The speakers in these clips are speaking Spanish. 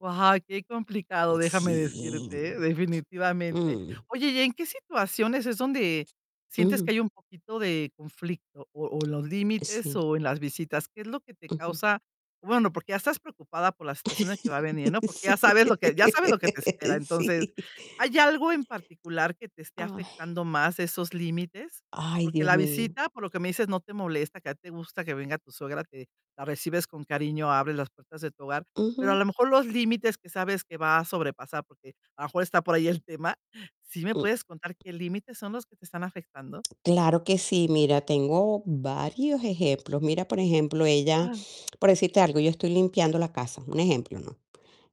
Guau, qué complicado, déjame Sí. decirte, ¿eh?, definitivamente. Mm. Oye, ¿y en qué situaciones es donde sientes que Ujú. hay un poquito de conflicto o o en los límites Sí. o en las visitas? ¿Qué es lo que te Ujú. causa? Bueno, porque ya estás preocupada por la situación de que va a venir, ¿no? Porque Sí, ya sabes lo que ya sabes lo que te espera. Entonces, sí. ¿hay algo en particular que te esté Ay. afectando más esos límites? Ay, Porque Dios la mío. visita, por lo que me dices, no te molesta, que a ti te gusta que venga tu suegra, te la recibes con cariño, abres las puertas de tu hogar, pero a lo Ujú. mejor los límites que sabes que va a sobrepasar, porque a lo mejor está por ahí el tema. ¿Sí me Mm. puedes contar qué límites son los que te están afectando? Claro que sí. Mira, tengo varios ejemplos. Mira, por ejemplo, ella, Ajá. por decirte algo, yo estoy limpiando la casa, un ejemplo, ¿no?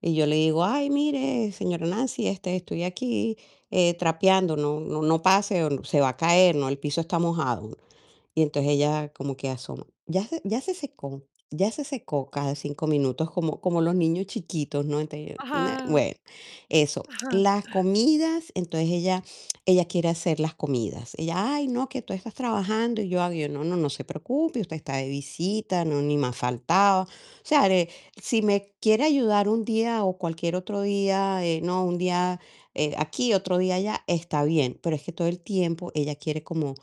Y yo le digo: "Ay, mire, señora Nancy, este, estoy aquí, eh, trapeando. No no no pase o se va a caer, ¿no? El piso está mojado". Y entonces ella como que asoma: "Ya se ya se secó ya se secó", cada 5 minutos, como como los niños chiquitos, ¿no? Entonces yo nah, Ajá. bueno, eso. Ajá. Las comidas, entonces ella ella quiere hacer las comidas. Ella: "Ay, no, que tú estás trabajando" y yo: "Ay, no, no, no se preocupe, usted está de visita, no, ni más faltaba". O sea, eh, si me quiere ayudar un día o cualquier otro día, eh, ¿no? Un día, eh, aquí, otro día allá, está bien, pero es que todo el tiempo ella quiere como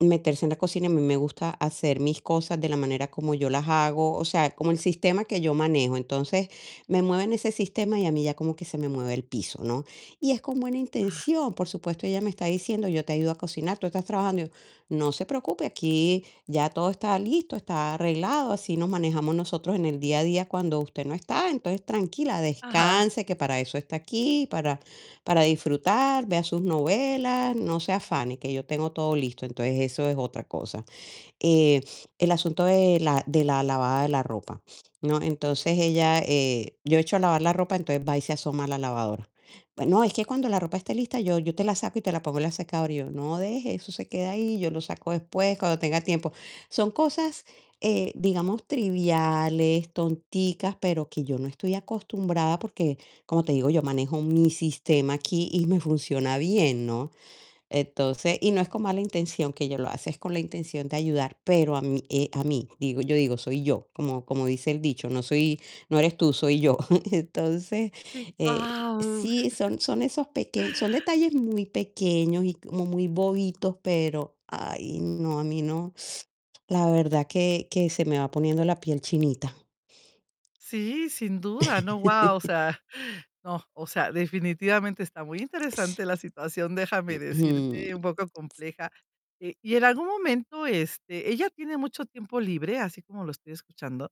meterse en la cocina y a mí me gusta hacer mis cosas de la manera como yo las hago, o sea, como el sistema que yo manejo. Entonces, me mueven ese sistema y a mí ya como que se me mueve el piso, ¿no? Y es con buena Ah. intención, por supuesto. Ella me está diciendo: "Yo te ayudo a cocinar, tú estás trabajando". Y yo: "No se preocupe, aquí ya todo está listo, está arreglado. Así nos manejamos nosotros en el día a día cuando usted no está. Entonces, tranquila, Ajá. descanse, que para eso está aquí, para para disfrutar, vea sus novelas, no se afane, que yo tengo todo listo". Entonces eso es otra cosa. Eh, el asunto de la de la lavada de la ropa, ¿no? Entonces ella, eh, yo echo a lavar la ropa, entonces va y se asoma a la lavadora: "Bueno, es que cuando la ropa esté lista, yo yo te la saco y te la pongo en la secadora". Y yo: "No, deje, eso se queda ahí, yo lo saco después cuando tenga tiempo". Son cosas, eh, digamos triviales, tonticas, pero que yo no estoy acostumbrada, porque, como te digo, yo manejo mi sistema aquí y me funciona bien, ¿no? Entonces y no es con mala intención que ella lo hace, es con la intención de ayudar, pero a mí eh, a mí. Digo, yo digo soy yo, como como dice el dicho: "No soy no eres tú, soy yo". Entonces, Sí. eh, Guau. sí, son son esos peque son detalles muy pequeños y como muy bobitos, pero ay, no, a mí no la verdad que que se me va poniendo la piel chinita. Sí, sin duda, ¿no? Guau. O sea, no, o sea, definitivamente está muy S interesante la situación, déjame Mm. decirte, un poco compleja. Eh, y en algún momento, este, ¿ella tiene mucho tiempo libre, así como lo estoy escuchando?